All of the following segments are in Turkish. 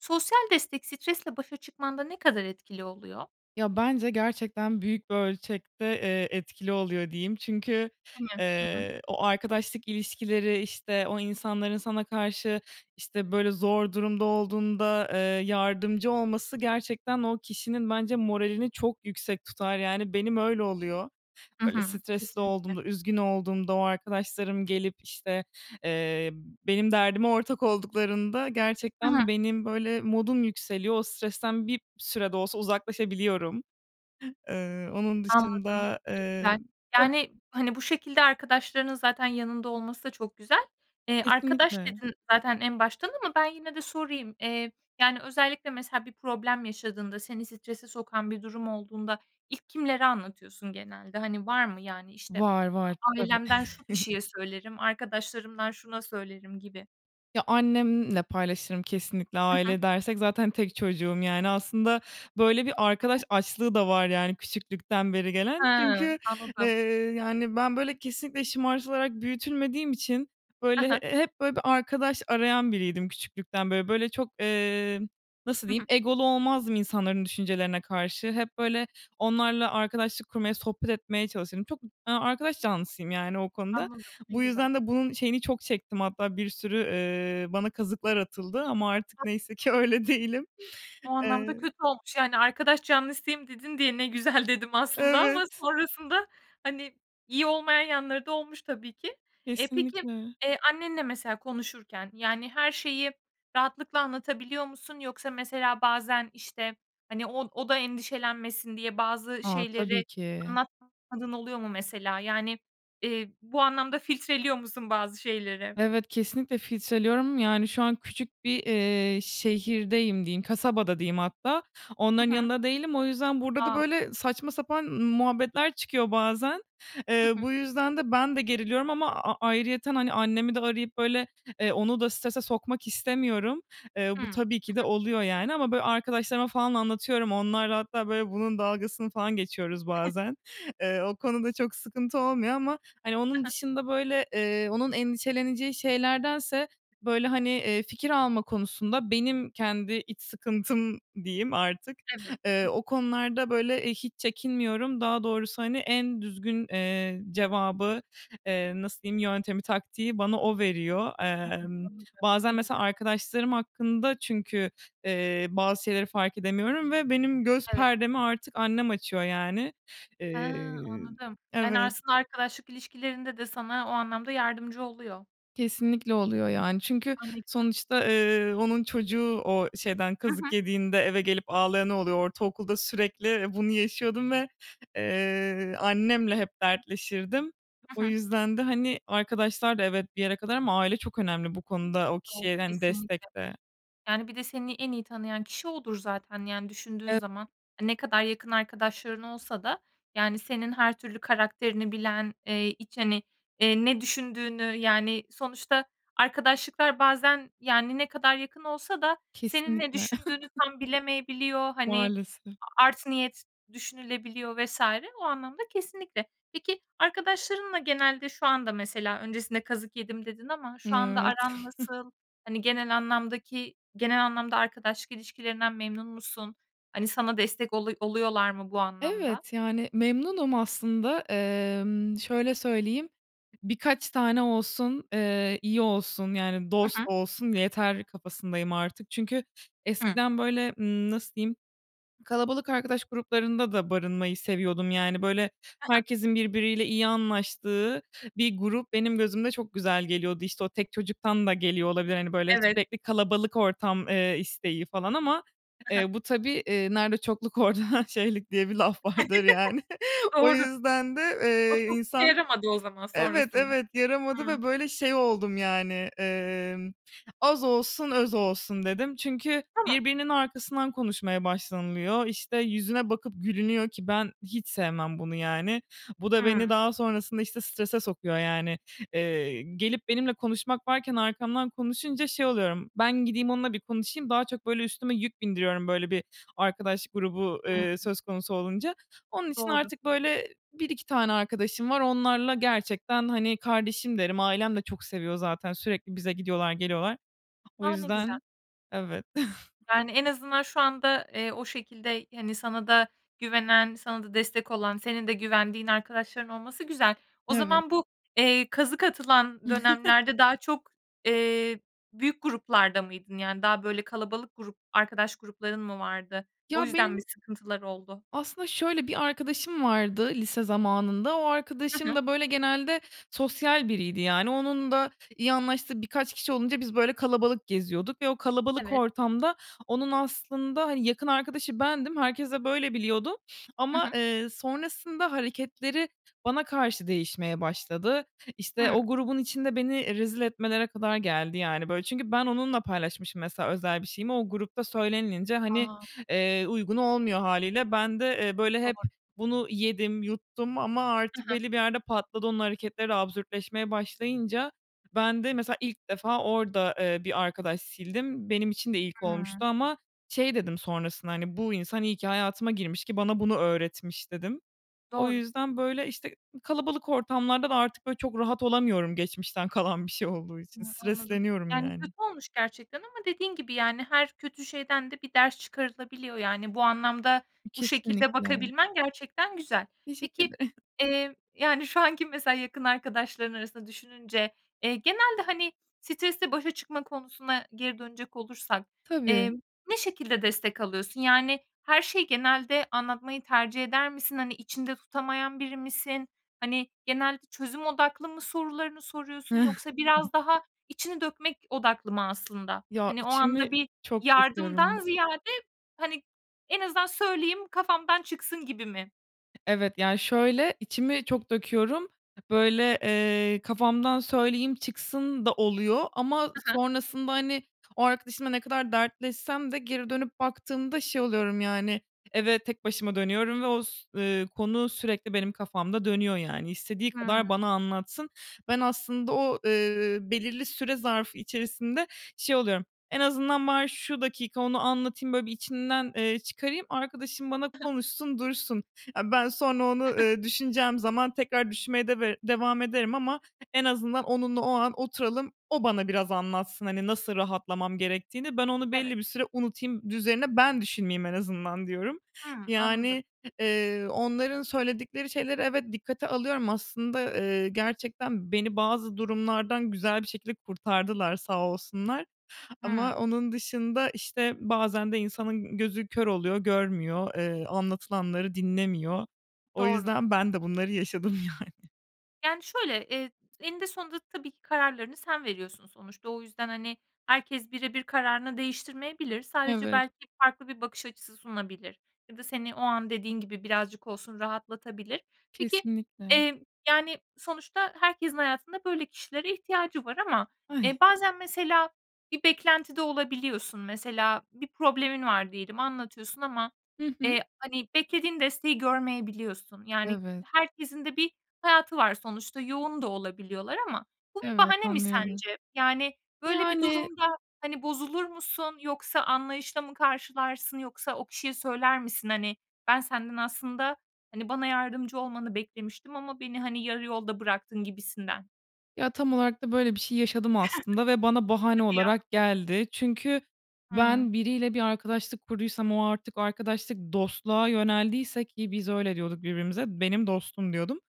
Sosyal destek stresle başa çıkmanda ne kadar etkili oluyor? Ya bence gerçekten büyük bir ölçekte, eee, etkili oluyor diyeyim. Çünkü, [unintelligible] Hı hı. eee, o arkadaşlık ilişkileri, işte, o insanların sana karşı, işte, böyle zor durumda olduğunda, eee, yardımcı olması gerçekten o kişinin bence moralini çok yüksek tutar. Yani, benim öyle oluyor. Hı Böyle hı. stresli Kesinlikle. olduğumda, üzgün olduğumda o arkadaşlarım gelip işte, eee, benim derdime ortak olduklarında Hı hı. gerçekten benim böyle modum yükseliyor. O stresten bir süre de olsa uzaklaşabiliyorum. Eee, onun Anladım. dışında, Ne eee güzel. [unintelligible] Yani hani, bu şekilde arkadaşlarının zaten yanında olması da çok güzel. Eee, arkadaş Kesinlikle. dedin zaten en baştan ama ben yine de sorayım. Eee, yani özellikle mesela bir problem yaşadığında, seni strese sokan bir durum olduğunda ilk kimlere anlatıyorsun genelde? Hani, var mı yani işte, Var, var. Tabii. "Ailemden şu kişiye söylerim, arkadaşlarımdan şuna söylerim," gibi. Ya annemle paylaşırım kesinlikle, Hı hı. aile dersek zaten tek çocuğum, yani, aslında böyle bir arkadaş [unintelligible] açlığı da var, yani, küçüklükten beri He! gelen çünkü, eee, Anladım. yani, ben böyle kesinlikle şımartılarak büyütülmediğim için He böyle he. hep böyle bir arkadaş arayan biriydim küçüklükten beri. Böyle çok, eee, nasıl Hı diyeyim, hı. egolu olmazdım insanların düşüncelerine karşı, hep böyle onlarla arkadaşlık kurmaya, sohbet etmeye çalışırım. Çok arkadaş canlısıyım, yani, o konuda. Anladım. Ne Bu güzel. yüzden de bunun şeyini çok çektim. Hatta bir sürü, eee, bana kazıklar atıldı ama artık neyse [unintelligible] ki öyle değilim. O anlamda Eee kötü olmuş yani, "Arkadaş canlısıyım," dedin diye ne güzel dedim aslında ama Evet. sonrasında hani, iyi olmayan yanları da olmuş tabii ki. Eee, peki, Kesinlikle. eee, annenle mesela konuşurken yani, her şeyi rahatlıkla anlatabiliyor musun? Yoksa mesela bazen işte, hani, o o da endişelenmesin diye bazı A! şeyleri Tabii ki. anlatmadığın oluyor mu mesela? Yani, eee, bu anlamda filtreliyor musun bazı şeyleri? Evet, kesinlikle filtreliyorum, yani, şu an küçük bir, eee, şehirdeyim diyeyim, kasabada diyeyim hatta, Hı onların hı. yanında değilim. O yüzden burada da A! böyle saçma sapan muhabbetler çıkıyor bazen. Hı Eee, hı. bu yüzden de ben de geriliyorum ama a ayrıyeten, hani, annemi de arayıp böyle, eee, onu da strese sokmak istemiyorum. Eee, Hı. bu Hı tabii ki de hı. oluyor, yani ama böyle arkadaşlarıma falan anlatıyorum. Onlarla hatta böyle bunun dalgasını falan geçiyoruz bazen. Eee, o konuda çok sıkıntı olmuyor ama hani, Hı onun hı. dışında böyle, eee, onun endişeleneceği şeylerdense böyle hani, eee, fikir alma konusunda benim kendi iç sıkıntım diyeyim artık, Evet. eee, Hı hı. o konularda böyle, eee, hiç çekinmiyorum. Daha doğrusu, hani, en düzgün, eee, cevabı, eee, nasıl diyeyim, yöntemi, taktiği bana o veriyor. Hı hı. Emm, Anladım, ne bazen güzel. mesela arkadaşlarım hakkında çünkü, eee, bazı şeyleri fark edemiyorum ve benim göz Evet. perdemi artık annem açıyor, yani. Ha! Eee, Anladım. Yani, evet. aslında arkadaşlık ilişkilerinde de sana o anlamda yardımcı oluyor. Kesinlikle oluyor, yani çünkü A, ne güzel! sonuçta, ııı, onun çocuğu o şeyden Hı hı. kazık yediğinde eve gelip ağlayanı oluyor. Ortaokulda sürekli, ı bunu yaşıyordum ve, eee, annemle hep dertleşirdim. Hı O hı. yüzden de hani arkadaşlar da evet, bir yere kadar ama aile çok önemli bu konuda, o Doğru, kişiye hani kesinlikle. destekte. Yani, bir de seni en iyi tanıyan kişi odur zaten, yani düşündüğün [unintelligible] zaman. A, ne kadar yakın arkadaşların olsa da, yani, senin her türlü karakterini bilen, eee, iç hani eee, ne düşündüğünü yani sonuçta arkadaşlıklar bazen yani ne kadar yakın olsa da senin ne Kesinlikle. düşündüğünü tam bilemeyebiliyor, hani Maalesef. a art niyet düşünülebiliyor vs. o anlamda kesinlikle. Peki, arkadaşlarınla genelde şu anda mesela, "Öncesinde kazık yedim," dedin ama N şu anda evet. aran nasıl? Hani genel anlamdaki genel anlamda arkadaşlık ilişkilerinden memnun musun? Hani sana destek oluy oluyorlar mı bu anlamda? Evet, yani, memnunum aslında, emm, şöyle söyleyeyim, birkaç tane olsun, eee, iyi olsun. Yani Hı dost hı. olsun yeter, kafasındayım artık çünkü Hı. eskiden, böyle, ııı -nasıl diyeyim kalabalık arkadaş gruplarında da barınmayı seviyordum. Yani, böyle, He he. herkesin birbiriyle iyi anlaştığı bir grup benim gözümde çok güzel geliyordu, işte, o tek çocuktan da geliyor olabilir. Hani, böyle, Evet. sürekli kalabalık ortam, eee, isteği falan ama, He he. eee, bu tabii, eee, "Nerede çokluk, orada şeylik," diye bir laf vardır yani. O Doğru. yüzden de, O eee, çok işe insan yaramadı o zaman Evet, sonrasında. evet, yaramadı Hıı. ve, böyle, şey oldum, yani, emm, "Az olsun, öz olsun," dedim. Çünkü Tamam. birbirinin arkasından konuşmaya başlanılıyor, işte, yüzüne bakıp gülünüyor ki ben hiç sevmem bunu yani. Bu da Hıı. beni daha sonrasında, işte, strese sokuyor yani, eee, gelip benimle konuşmak varken arkamdan konuşunca şey oluyorum. "Ben gideyim onunla bir konuşayım," daha çok üstüme yük bindiriyorum, böyle bir arkadaş grubu, Hıı. eee, söz konusu olunca. Onun için Doğru. artık, böyle, 1-2 tane arkadaşım var. Onlarla gerçekten hani, kardeşim derim, ailem de çok seviyor zaten sürekli bize gidiyorlar, geliyorlar. O A, ne güzel! yüzden, evet. Yani, en azından şu anda, eee, o şekilde, hani, sana da güvenen, sana da destek olan, senin de güvendiğin arkadaşların olması güzel. O Evet. zaman bu, eee, kazık atılan dönemlerde daha çok, eee, büyük gruplarda mıydın? Yani daha, böyle, kalabalık grup arkadaş grupların mı vardı? O Ya, yüzden mi, benim sıkıntılar oldu? Aslında şöyle bir arkadaşım vardı, lise zamanında, o Hı arkadaşım hı. da, böyle, genelde sosyal biriydi. Yani onun da iyi anlaştığı birkaç kişi olunca biz, böyle, kalabalık geziyorduk ve o kalabalık Evet. ortamda onun aslında, hani, yakın arkadaşı bendim. Herkes de böyle biliyordu Hı ama, hı. eee, sonrasında hareketleri bana karşı değişmeye başladı. İşte, o Hıı. grubun içinde beni e rezil etmelere kadar geldi yani, böyle. Çünkü ben onunla paylaşmışım mesela özel bir şeyimi, o grupta söylenilince hani, A! eee, uygun olmuyor hâliyle. Ben de, eee, böyle, hep Doğr bunu yedim, yuttum ama Hı artık hı. belli bir yerde patladı. Onun hareketleri de absürtleşmeye başlayınca ben de mesela ilk defa orada, eee, bir arkadaş sildim. Benim için de ilk Hıı. olmuştu. Ama şey dedim sonrasında: "Bu insan iyi ki hayatıma girmiş ki bana bunu öğretmiş," dedim. O Doğru. yüzden, böyle, işte, i kalabalık ortamlarda da artık, böyle, çok rahat olamıyorum. Geçmişten kalan bir şey olduğu için Hıı, anladım. stresleniyorum Yani, yani. kötü olmuş gerçekten ama dediğin gibi yani, her kötü şeyden de bir ders çıkarılabiliyor. Yani, bu anlamda, İ bu şekilde kesinlikle. bakabilmen gerçekten güzel. Teşekkür ede Peki, eee, yani, şu anki mesela yakın arkadaşların arasında düşününce, eee, genelde, hani, stresle başa çıkma konusuna geri dönecek olursak, Tabii. emm, ne şekilde destek alıyorsun? Yani her şeyi genelde anlatmayı tercih eder misin? Hani, içinde tutamayan biri misin? Hani, genelde çözüm odaklı mı sorularını soruyorsun, yoksa biraz daha içini dökmek odaklı mı aslında? Ya, Hani, o içimi anda bir çok yardımdan döküyorum. ziyade, hani, en azından söyleyeyim kafamdan çıksın gibi mi? Evet, ya şöyle içimi çok döküyorum, böyle, eee, kafamdan söyleyeyim çıksın da oluyor ama Hı hı. sonrasında, hani, o arkadaşımla ne kadar dertleşsem de geri dönüp baktığımda şey oluyorum yani. Eve tek başıma dönüyorum ve o, s ııı, konu sürekli benim kafamda dönüyor, yani istediği Hıı. kadar bana anlatsın. Ben aslında o, ııı, belirli süre zarfı içerisinde şey oluyorum: "En azından bari şu dakika onu anlatayım, böyle, bir içimden, eee, çıkarayım. Arkadaşım bana konuşsun dursun. E, ben sonra onu, ııı, düşüneceğim zaman tekrar düşünmeye deve devam ederim ama en azından onunla o an oturalım. O bana biraz anlatsın hani, nasıl rahatlamam gerektiğini. Ben onu Evet. belli bir süre unutayım, d üzerine ben düşünmeyeyim en azından," diyorum. Hımm. Anladım. Yani, h eee, onların söyledikleri şeyleri evet, dikkate alıyorum aslında, ııı, gerçekten beni bazı durumlardan güzel bir şekilde kurtardılar, sağ olsunlar. Ama Hıı. onun dışında, işte, bazen de insanın gözü kör oluyor, görmüyor, eee, anlatılanları dinlemiyor. O Doğru. yüzden ben de bunları yaşadım yani. Yani, şöyle: Eee, t eninde sonunda tabii ki kararlarını sen veriyorsun sonuçta. O yüzden, hani, herkes birebir kararını değiştirmeyebilir. Sadece Evet. belki farklı bir bakış açısı sunabilir ya da seni o an dediğin gibi birazcık olsun rahatlatabilir. Peki, Kesinlikle. eee, yani, sonuçta herkesin hayatında böyle kişilere ihtiyacı var ama, eee, Ay! bazen mesela bir beklentide olabiliyorsun. Mesela bir problemin var diyelim anlatıyorsun ama, Hı hı. eee, hani, beklediğin desteği görmeyebiliyorsun. Yani, Evet. herkesin de bir hayatı var sonuçta yoğun da olabiliyorlar ama bu bir Evet. bahane mi Anlıyorum. sence? Yani, böyle bir Yani durumda, hani, bozulur musun yoksa anlayışla mı karşılarsın? Yoksa o kişiye söyler misin? "Hani, ben senden aslında, hani, bana yardımcı olmanı beklemiştim ama beni, hani, yarı yolda bıraktın." gibisinden. Ya, tam olarak da böyle bir şey yaşadım aslında ve bana bahane Hadi ya. olarak geldi. Çünkü Hıı. ben biriyle bir arkadaşlık kurduysam o artık arkadaşlık dostluğa yöneldiyse Ki biz öyle diyorduk birbirimize. "Benim dostum" diyordum.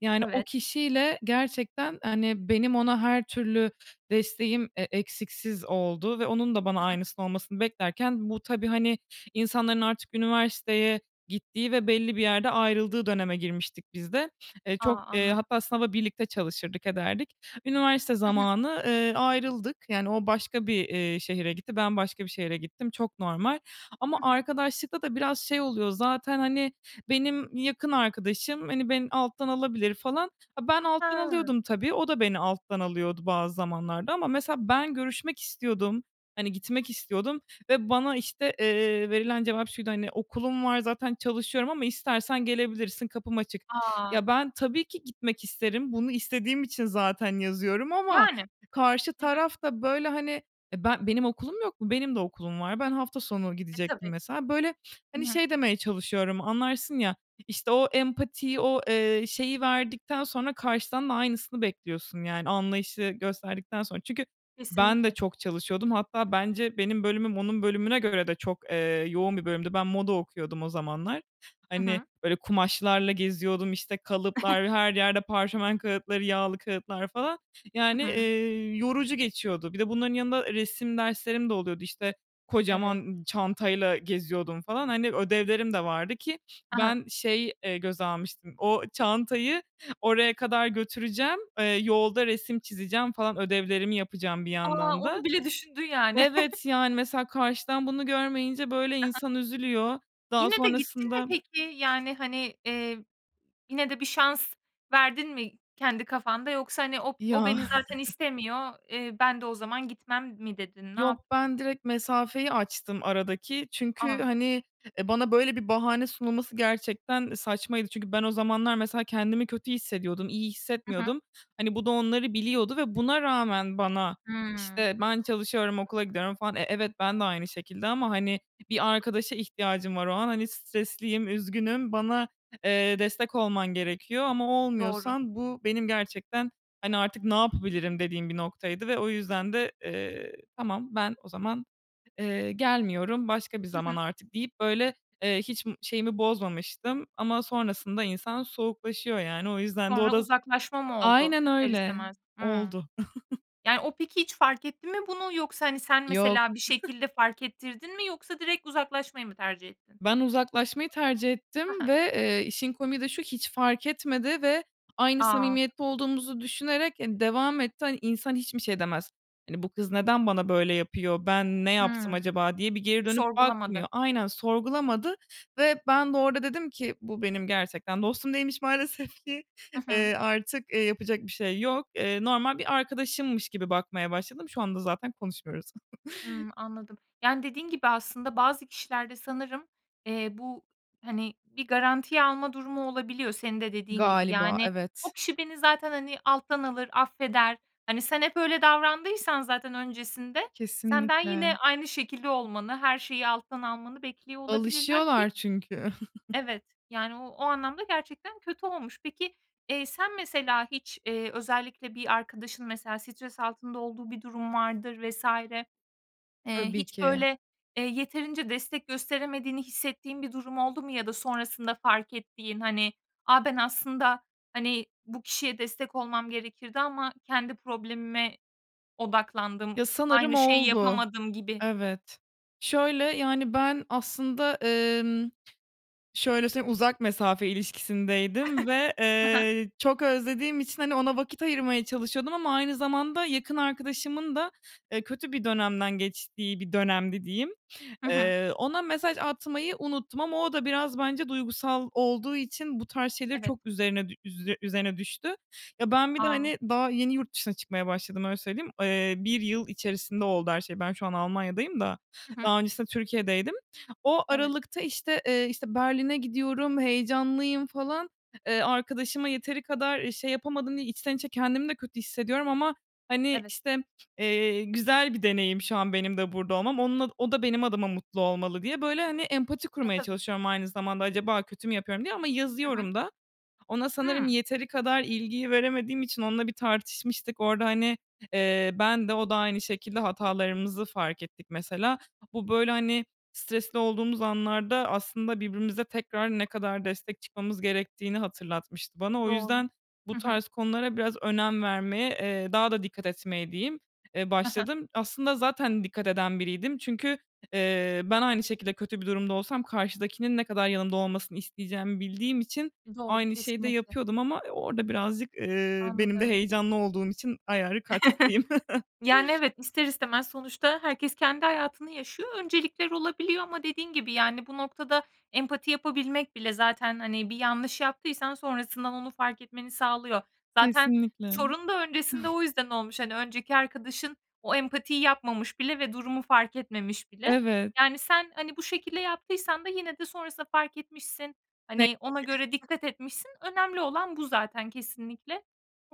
Yani, o Evet. kişiyle gerçekten, hani, benim ona her türlü desteğim e eksiksiz oldu ve onun da bana Hı hı. aynısını olmasını beklerken bu tabii, hani, insanların artık üniversiteye gittiği ve belli bir yerde ayrıldığı döneme girmiştik biz de. Eee, A, çok, eee, anladım. hatta sınava birlikte çalışırdık, ederdik. Üniversite Hı hı. zamanı, eee, ayrıldık. Yani, o başka bir, eee, şehre gitti. Ben başka bir şehre gittim, çok normal. Ama Hı hı. arkadaşlıktada biraz şey oluyor zaten, hani, "Benim yakın arkadaşım, hani, beni alttan alabilir," falan. Ben alttan Ha. alıyordum, tabii, o da beni alttan alıyordu bazı zamanlarda ama mesela ben görüşmek istiyordum. Hani, gitmek istiyordum ve bana, işte, eee, verilen cevap şuydu, hani, "Okulum var zaten çalışıyorum ama istersen gelebilirsin, kapım açık." A! Ya, ben tabii ki gitmek isterim bunu istediğim için zaten yazıyorum ama Yani. karşı Hı hı. taraf da, böyle, hani, eee, ben benim okulum yok mu? Benim de okulum var. Ben hafta sonu E, gidecektim tabii. mesela. Böyle, Hı hani, hı. şey demeye çalışıyorum anlarsın ya, işte o empatiyi o, eee, şeyi verdikten sonra karşıdan da aynısını bekliyorsun, yani, anlayışı gösterdikten sonra çünkü ben de Kesinlikle. çok çalışıyordum. Hatta bence benim bölümüm onun bölümüne göre de çok, eee, yoğun bir bölümdü. Ben moda okuyordum o zamanlar. Hı Hani, hı. böyle, kumaşlarla geziyordum, işte, kalıplar, her yerde parşömen kâğıtları, yağlı kâğıtlar falan, Hı yani, hı. eee, yorucu geçiyordu. Bir de bunların yanında resim derslerim de oluyordu, işte, Evet. kocaman çantayla geziyordum falan, hani, ödevlerim de vardı. Ki Ha ha. ben şey, eee, göze almıştım, o çantayı oraya kadar götüreceğim, eee, yolda resim çizeceğim falan ödevlerimi yapacağım bir A! yandan da. Onu bile düşündün yani. Evet, yani, mesela karşıdan bunu görmeyince, böyle, Ha ha. insan üzülüyor. Daha Yine de gittin mi sonrasında peki? Yani, hani, eee, yine de bir şans verdin mi kendi kafanda yoksa hani o o Ya. beni zaten istemiyor, eee, ben de o zaman gitmem mi dedin? Ne Yok, yaptın? ben direkt mesafeyi açtım aradaki çünkü, A! hani, eee, bana böyle bir bahane sunulması gerçekten saçmaydı. Çünkü ben o zamanlar mesela kendimi kötü hissediyordum, iyi Hı hı. hissetmiyordum. Hani, bu da onları biliyordu ve buna rağmen bana, Hımm. işte, "Ben çalışıyorum, okula gidiyorum." falan. E, evet, bende aynı şekilde ama, hani, bir arkadaşa ihtiyacım var o an, hani, stresliyim, üzgünüm. Bana, eee, destek olman gerekiyor ama Doğru. olmuyorsan bu benim gerçekten, hani, "Artık ne yapabilirim?" dediğim bir noktaydı ve o yüzden de, eee, "Tamam, ben o zaman, eee, gelmiyorum. Başka bir Hı zaman hı. artık." deyip, böyle, eee, hiç şeyimi bozmamıştım. Ama sonrasında insan soğuklaşıyor yani. O yüzden de o Sonra da z uzaklaşma mı oldu Aynen ister öyle, istemez? Hımm. oldu. Yani, o peki hiç fark etti mi bunu yoksa, hani, sen Yok. mesela bir şekilde fark ettirdin mi? Yoksa direkt uzaklaşmayı mı tercih ettin? Ben uzaklaşmayı tercih Ha ettim ha. ve, eee, işin komiği de şu hiç fark etmedi ve aynı A! samimiyette olduğumuzu düşünerek, eee, devam etti. Hani, insan hiç mi şey demez: Hani, "Bu kız neden bana böyle yapıyor? Ben ne yaptım Hımm. acaba?" diye bir geri dönüp Sorgulamadı. bakmıyor. Aynen, sorgulamadı ve ben de orada dedim ki, "Bu benim gerçekten dostum değilmiş maalesef ki. Hı hı. Eee, artık, eee, yapacak bir şey yok." Eee, normal bir arkadaşımmış gibi bakmaya başladım. Şu anda zaten konuşmuyoruz. Hımm. Anladım. Yani, dediğin gibi aslında bazı kişilerde sanırım, eee, bu, hani, bir garantiye alma durumu olabiliyor senin de dediğin gibi. Galiba, Yani, evet. "O kişi beni zaten, hani, alttan alır, affeder." Hani, sen hep öyle davrandıysan zaten öncesinde, senden yine Kesinlikle. aynı şekilde olmanı her şeyi alttan almanı bekliyor olabilirler ki Alışıyorlar çünkü. evet, yani, o o anlamda gerçekten kötü olmuş. Peki, eee, sen mesela hiç, eee, özellikle bir arkadaşın mesela stres altında olduğu bir durum vardır vs. Eee, Tabii hiç ki. böyle, eee, yeterince destek gösteremediğini hissettiğin bir durum oldu mu? ya da sonrasında fark ettiğin, hani, "A, ben aslında, hani, bu kişiye destek olmam gerekirdi ama kendi problemime odaklandım. Ya, sanırım Aynı şeyi oldu. yapamadım." gibi? Evet. Şöyle: Yani, ben aslında, emm, şöyle söyleyeyim, uzak mesafe ilişkisindeydim ve, Hı hı. eee, çok özlediğim için, hani, ona vakit ayırmaya çalışıyordum ama aynı zamanda yakın arkadaşımın da, eee, kötü bir dönemden geçtiği bir dönemdi diyeyim. Hı hı. Eee, ona mesaj atmayı unuttum ama o da biraz bence duygusal olduğu için bu tarz şeyleri Evet. çok üzerine üze üzerine düştü. Ya, ben bir de, A! hani, daha yeni yurt dışına çıkmaya başladım öyle söyleyeyim. Eee, 1 yıl içerisinde oldu her şey. Ben şu an Almanya'dayım da Hı hı. daha öncesinde Türkiye'deydim. O Evet. aralıkta, işte, eee, işte, Berlin'e gidiyorum, heyecanlıyım falan. Eee, arkadaşıma yeteri kadar, eee, şey yapamadım diye içten içe kendimi de kötü hissediyorum ama, hani, Evet. işte, eee, güzel bir deneyim şu an benim de burada olmam. Onun o da benim adıma mutlu olmalı diye, böyle, hani, empati E, kurmaya tabii. çalışıyorum aynı zamanda acaba kötü mü yapıyorum diye ama Hı hı. yazıyorum da. Ona sanırım Hımm. yeteri kadar ilgiyi veremediğim için onunla bir tartışmıştık orada, hani, eee, ben de o da aynı şekilde hatalarımızı fark ettik mesela. Bu, böyle, hani, stresli olduğumuz anlarda aslında birbirimize tekrar ne kadar destek çıkmamız gerektiğini hatırlatmıştı bana. O Doğru. yüzden bu Hı hı. tarz konulara biraz önem vermeye, eee, daha da dikkat etmeye diyeyim, eee, Hı hı. başladım. Aslında zaten dikkat eden biriydim çünkü, eee, ben aynı şekilde kötü bir durumda olsam karşıdakinin ne kadar yanımda olmasını isteyeceğimi bildiğim için Doğru. aynı şeyi de Kesinlikle. yapıyordum ama orada birazcık, eee, benim de Anladım. heyecanlı olduğum için ayarı kaçtı diyeyim. Yani, evet, ister istemez sonuçta herkes kendi hayatını yaşıyor. Öncelikler olabiliyor ama dediğin gibi, yani, bu noktada empati yapabilmek bile zaten, hani, bir yanlış yaptıysan sonrasından onu fark etmeni sağlıyor. Zaten Kesinlikle. sorun da öncesinde o yüzden olmuş. Hani, önceki arkadaşın o empatiyi yapmamış bile ve durumu fark etmemiş bile. Evet. Yani, sen, hani, bu şekilde yaptıysan da yine de sonrasında fark etmişsin, Neyse hani, ona göre ki. [unintelligible] dikkat etmişsin, önemli olan bu zaten kesinlikle.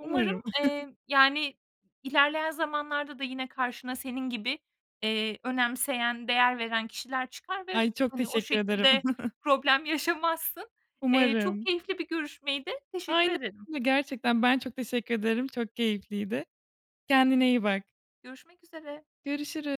Umarım, eee, yani, ilerleyen zamanlarda da yine karşına senin gibi, eee, önemseyen, değer veren kişiler çıkar ve, Ben çok hani, o teşekkür ederim. şekilde problem yaşamazsın. Eee, çok Umarım. keyifli bir görüşmeydi, teşekkür Aynen ederim. öyle. Gerçekten ben çok teşekkür ederim, çok keyifliydi. Kendine iyi bak. Görüşmek üzere. Görüşürü